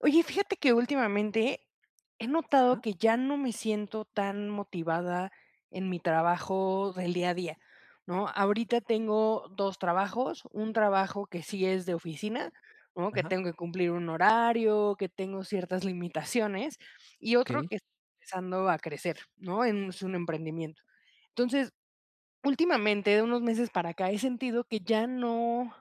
Oye, fíjate que últimamente he notado Ajá. que ya no me siento tan motivada en mi trabajo del día a día, ¿no? Ahorita tengo 2 trabajos, un trabajo que sí es de oficina, ¿no? Que Ajá. tengo que cumplir un horario, que tengo ciertas limitaciones, y otro Okey. que [unintelligible] empezando a crecer, ¿no? En, es un emprendimiento. Entonces, últimamente, de unos meses para acá, he sentido que ya no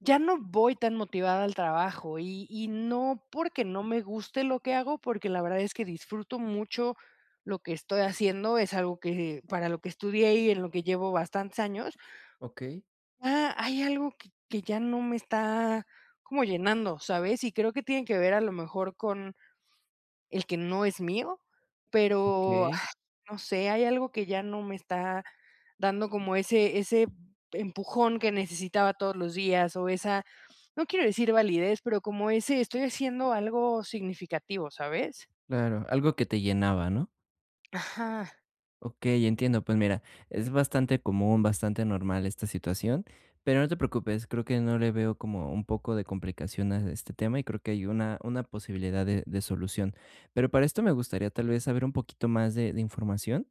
ya no voy tan motivada al trabajo, y y no porque no me guste lo que hago, porque la verdad es que disfruto mucho lo que estoy haciendo, es algo que para lo que estudié y en lo que llevo bastantes años. Okey. Ah, hay algo que que ya no me está como llenando, ¿sabes? Y creo que tiene que ver a lo mejor con el que no es mío, pero, ah, Okey. no sé, hay algo que ya no me está dando como ese ese empujón que necesitaba todos los días, o esa, no quiero decir validez, pero como ese: "Estoy haciendo algo significativo", ¿sabes? Claro, algo que te llenaba, ¿no? Ajá. Okey, entiendo, pues mira, es bastante común, bastante normal esta situación, pero no te preocupes, creo que no le veo como un poco de complicación a este tema, y creo que hay una una posibilidad de de solución. Pero para esto me gustaría tal vez saber un poquito más de de información.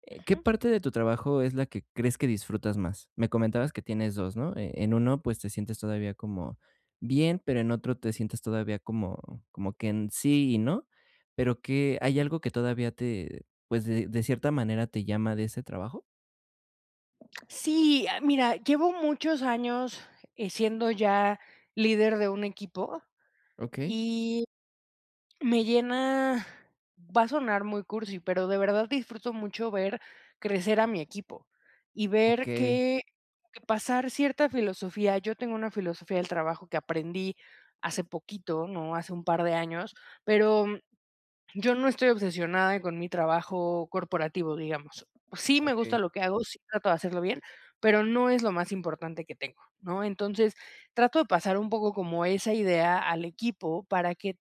Eh, ¿qué Ujú. parte de tu trabajo es la que crees que disfrutas más? Me comentabas que tienes 2, ¿no? Eh, en 1, pues, te sientes todavía como bien, pero en otro te sientes todavía como como que en sí y no, pero que, ¿hay algo que todavía te, pues, de de cierta manera te llama de ese trabajo? Sí, ah, mira, llevo muchos años, eh, siendo ya líder de un equipo, Okey. y me llena, va a sonar muy cursi, pero de verdad disfruto mucho ver crecer a mi equipo, y ver Okey. que que pasar cierta filosofía. Yo tengo una filosofía del trabajo que aprendí hace poquito, ¿no? Hace un par de años, pero yo no estoy obsesionada con mi trabajo corporativo, digamos. Sí me gusta Okey. lo que hago, sí trato de hacerlo bien, pero no es lo más importante que tengo, ¿no? Entonces, trato de pasar un poco como esa idea al equipo para que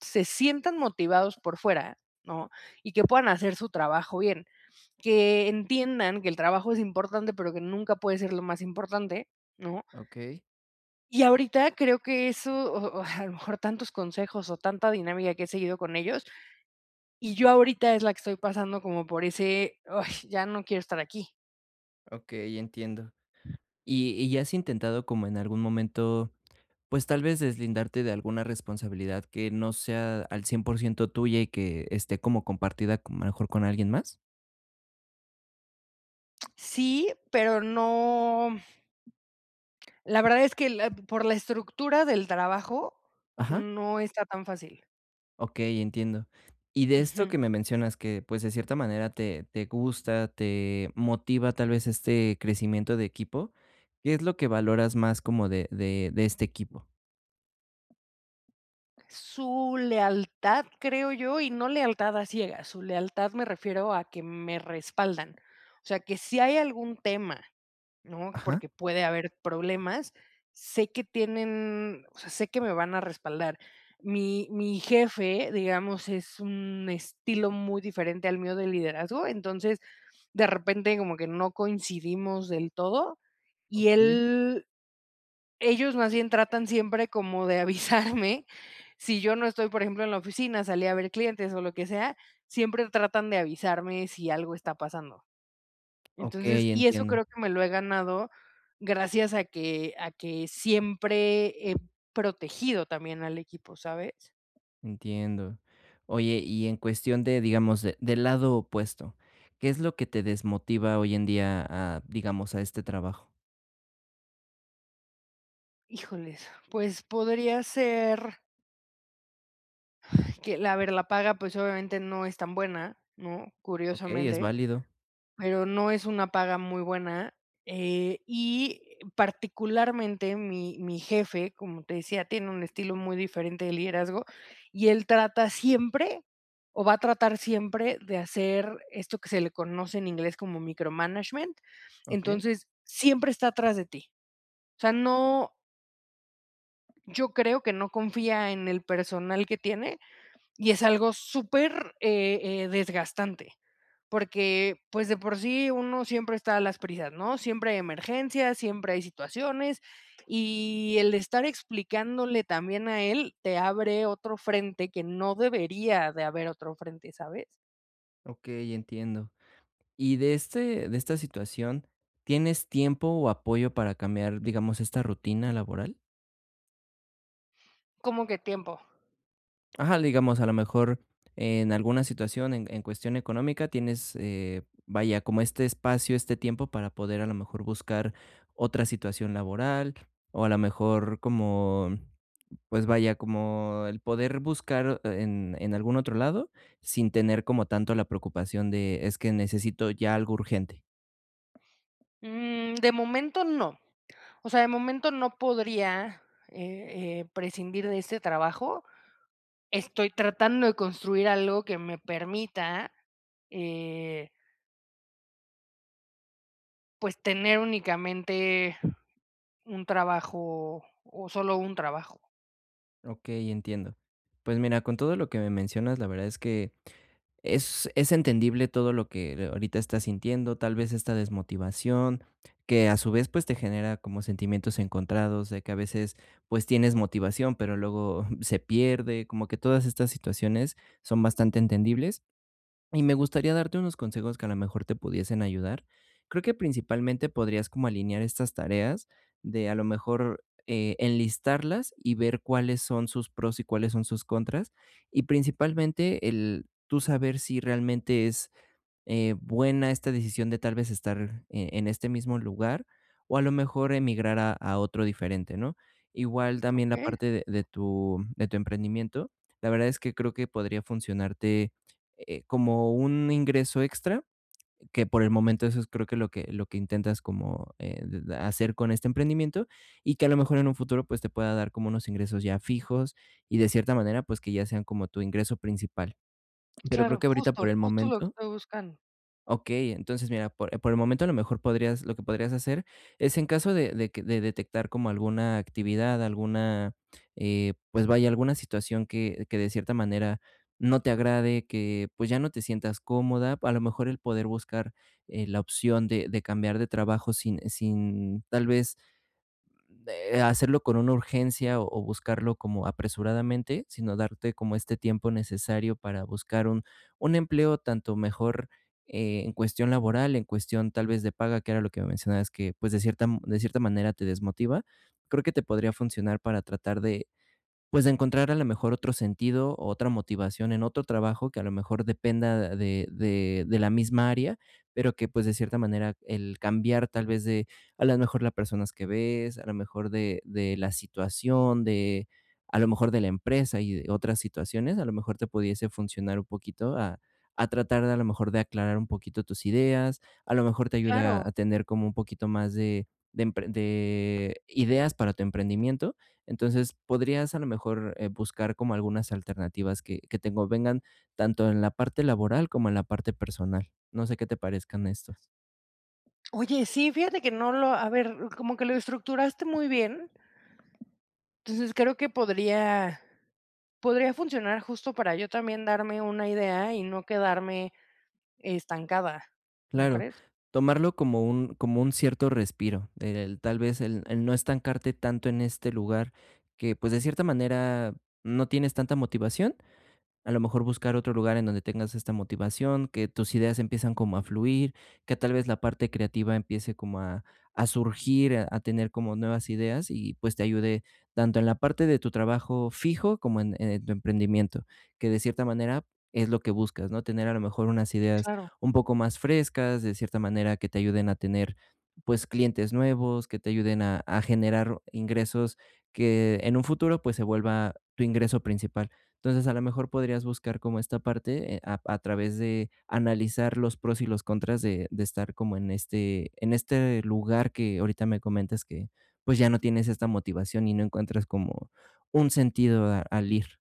se sientan motivados por fuera, ¿no? Y que puedan hacer su trabajo bien, que entiendan que el trabajo es importante, pero que nunca puede ser lo más importante, ¿no? Okey. Y ahorita creo que eso, o o, a lo mejor tantos consejos o tanta dinámica que he seguido con ellos, y yo ahorita es la que estoy pasando como por ese, ay, ya no quiero estar aquí. Okey, entiendo, ¿y y ya has intentado como en algún momento, pues, tal vez deslindarte de alguna responsabilidad que no sea al 100% tuya y que esté como compartida, con a lo mejor con alguien más? Sí, pero no, la verdad es que la p por la estructura del trabajo Ajá. no está tan fácil. Okey, entiendo. Y de esto Ujú. que me mencionas que, pues, de cierta manera, te te gusta, te motiva, tal vez, este crecimiento de equipo, ¿qué es lo que valoras más como de de de este equipo? Su lealtad, creo yo, y no lealtad a ciegas, su lealtad me refiero a que me respaldan. O sea, que si hay algún tema, ¿no? Ajá. Porque puede haber problemas, sé que tienen, o sea, sé que me van a respaldar. Mi mi jefe, digamos, es un estilo muy diferente al mío de liderazgo, entonces, de repente, como que no coincidimos del todo, y Okey. él ellos más bien tratan siempre como de avisarme, si yo no estoy, por ejemplo, en la oficina, salí a ver clientes, o lo que sea, siempre tratan de avisarme si algo está pasando. Entonces Okey, y eso entiendo. creo que me lo he ganado gracias a que a que siempre he protegido también al equipo, ¿sabes? Entiendo. Oye, y en cuestión de, digamos, de del lado opuesto, ¿qué es lo que te desmotiva hoy en día a, digamos, a este trabajo? Híjoles, pues, podría ser Ay, que la ver la paga, pues obviamente no es tan buena, ¿no?, Okey, es curiosamente, válido. pero no es una paga muy buena, eh, y particularmente, mi mi jefe, como te decía, tiene un estilo muy diferente de liderazgo, y él trata siempre, o va a tratar siempre, de hacer esto que se le conoce en inglés como micromanagement. Okey. Entonces, siempre está atrás de ti. O sea, no Yo creo que no confía en el personal que tiene, y es algo super, eh eh, desgastante, porque, pues, de por sí uno siempre está a las prisas, ¿no? Siempre hay emergencias, siempre hay situaciones, y el estar explicándole también a él, te abre otro frente, que no debería de haber otro frente, ¿sabes? Okey, entiendo. Y de este de esta situación, ¿tienes tiempo o apoyo para cambiar, digamos, esta rutina laboral? ¿Cómo que tiempo? Ajá, digamos, a lo mejor, en alguna situación, en en cuestión económica, tienes, eh, vaya, como este espacio, este tiempo para poder, a la mejor, buscar otra situación laboral, o a la mejor, como, pues, vaya, como el poder buscar en en algún otro lado sin tener como tanto la preocupación de: "Es que necesito ya algo urgente". Mm, de momento no, o sea, de momento no podría, eh eh, prescindir de este trabajo. Estoy tratando de construir algo que me permita, eh pues, tener únicamente un trabajo o solo un trabajo. Okey, entiendo. Pues, mira, con todo lo que me mencionas, la verdad es que es es entendible todo lo que ahorita estás sintiendo, tal vez, esta desmotivación que, a su vez, pues, te genera como sentimientos encontrados de que a veces, pues, tienes motivación, pero luego se pierde. Como que todas estas situaciones son bastante entendibles, y me gustaría darte unos consejos que a lo mejor te pudiesen ayudar. Creo que principalmente podrías como alinear estas tareas de, a lo mejor, eh, enlistarlas, y ver cuáles son sus pros y cuáles son sus contras, y principalmente el tú saber si realmente es, eh, buena esta decisión de tal vez estar, eh, en este mismo lugar o a lo mejor emigrar a a otro diferente, ¿no? Igual también la Okey. parte de de tu de tu emprendimiento, la verdad es que creo que podría funcionarte, eh, como un ingreso extra, que por el momento eso es creo que lo que lo que intentas como, eh, d d hacer con este emprendimiento, y que a lo mejor en un futuro, pues, te pueda dar como unos ingresos ya fijos, y de cierta manera, pues, que ya sean como tu ingreso principal. Pero creo Claro, que ahorita, por justo, el justo lo que momento estoy buscando. Okey, entonces, mira, po por el momento a lo mejor podrías lo que podrías hacer es en caso de de q de detectar como alguna actividad, alguna, eh, pues vaya, alguna situación que que de cierta manera no te agrade, que pues, ya no te sientas cómoda, a lo mejor el poder buscar, eh, la opción de de cambiar de trabajo sin sin tal vez de, hacerlo con una urgencia o buscarlo como apresuradamente, sino darte como este tiempo necesario para buscar un un empleo tanto mejor, eh, en cuestión laboral, en cuestión tal vez de paga, que era lo que mencionabas que, pues, de cierta de cierta manera te desmotiva, creo que te podría funcionar para tratar de, pues, de encontrar a la mejor otro sentido, otra motivación en otro trabajo que a lo mejor dependa de de de la misma área, pero que, pues, de cierta manera el cambiar tal vez de, a la mejor la personas que ves, a la mejor de de la situación, de a lo mejor de la empresa y de otras situaciones, a lo mejor te pudiese funcionar un poquito a a tratar a lo mejor de aclarar un poquito tus ideas, a lo mejor te ayuda Claro. a tener como un poquito más de empren de de ideas para tu emprendimiento. Entonces, podrías, a lo mejor, eh, buscar como algunas alternativas que que te convengan, tanto en la parte laboral como en la parte personal. No sé qué te parezcan estos. Oye, sí, fíjate que no lo a ver, como que lo estructuraste muy bien, entonces, creo que podría podría funcionar justo para yo también darme una idea y no quedarme estancada, ¿no Claro, crees? tomarlo como un como un cierto respiro, el tal vez el el no estancarte tanto en este lugar que, pues, de cierta manera, no tienes tanta motivación. A lo mejor buscar otro lugar en donde tengas esta motivación, que tus ideas empiezan como a fluir, que tal vez la parte creativa empiece como a a surgir, a tener como nuevas ideas y, pues, te ayude tanto en la parte de tu trabajo fijo, como en, eh, tu emprendimiento, que de cierta manera es lo que buscas, ¿no? Tener, a lo mejor unas ideas Claro. un poco más frescas, de cierta manera que te ayuden a tener, pues, clientes nuevos, que te ayuden a a generar ingresos, que en un futuro, pues, se vuelva tu ingreso principal. Entonces, a lo mejor podrías buscar como esta parte, eh, a a través de analizar los pros y los contras de de estar como en este en este lugar que ahorita me comentas que, pues, ya no tienes esta motivación y no encuentras como un sentido a al ir.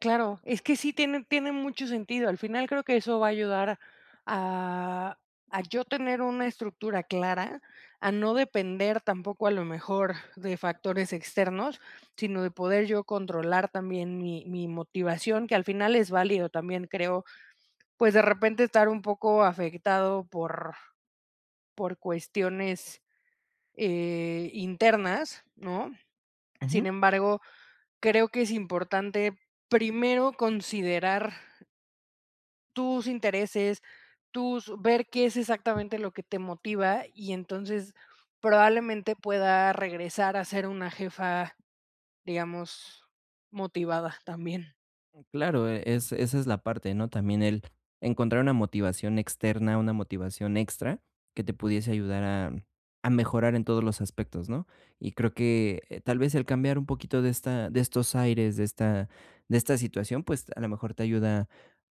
Claro, es que sí tiene tiene mucho sentido, al final creo que eso va a ayudar a a yo tener una estructura clara, a no depender tampoco, a lo mejor, de factores externos, sino de poder yo controlar también mi mi motivación, que al final es válido también, creo, pues, de repente, estar un poco afectado por por cuestiones, eh, internas, ¿no? Sin Ujú. embargo, creo que es importante primero considerar tus intereses, tus ver qué es exactamente lo que te motiva, y entonces, probablemente, pueda regresar a ser una jefa, digamos, motivada también. Claro, e es esa es la parte, ¿no? También el encontrar una motivación externa, una motivación extra que te pudiese ayudar a a mejorar en todos los aspectos, ¿no? Y creo que, eh, tal vez, el cambiar un poquito de esta de estos aires, de esta de esta situación, pues, a lo mejor te ayuda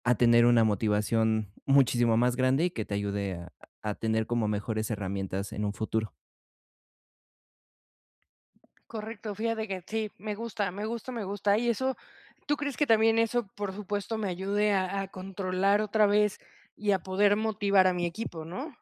a tener una motivación muchísimo más grande, y que te ayude a a tener como mejores herramientas en un futuro. Correcto, fíjate que sí, me gusta, me gusta, me gusta, y eso, ¿tú crees que también eso, por supuesto, me ayude a a controlar otra vez y a poder motivar a mi equipo?, ¿no?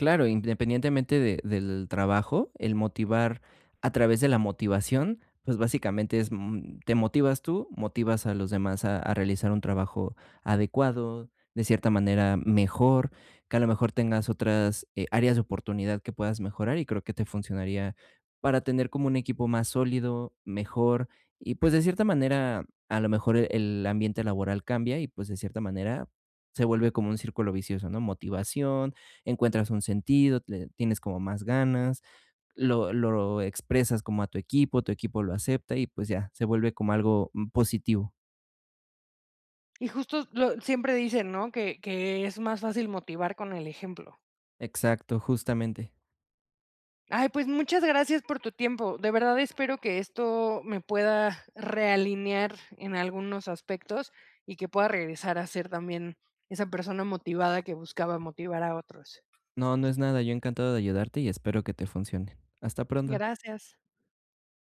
Claro, independientemente de del trabajo, el motivar a través de la motivación, pues, básicamente es, mm, te motivas tú, motivas a los demás a a realizar un trabajo adecuado, de cierta manera mejor, que a lo mejor tengas otras, eh, áreas de oportunidad que puedas mejorar, y creo que te funcionaría para tener como un equipo más sólido, mejor, y, pues, de cierta manera, a lo mejor e el ambiente laboral cambia y, pues, de cierta manera se vuelve como un círculo vicioso, ¿no? Motivación, encuentras un sentido, le tienes como más ganas, lo lo expresas como a tu equipo, tu equipo lo acepta y, pues, ya, se vuelve como algo, mm, positivo. Y justo lo siempre dicen, ¿no? Que que es más fácil motivar con el ejemplo. Exacto, justamente. Ay, pues, muchas gracias por tu tiempo, de verdad espero que esto me pueda realinear en algunos aspectos, y que pueda regresar a ser también esa persona motivada que buscaba motivar a otros. No, no es nada, yo encantado de ayudarte, y espero que te funcione. Hasta pronto. Gracias.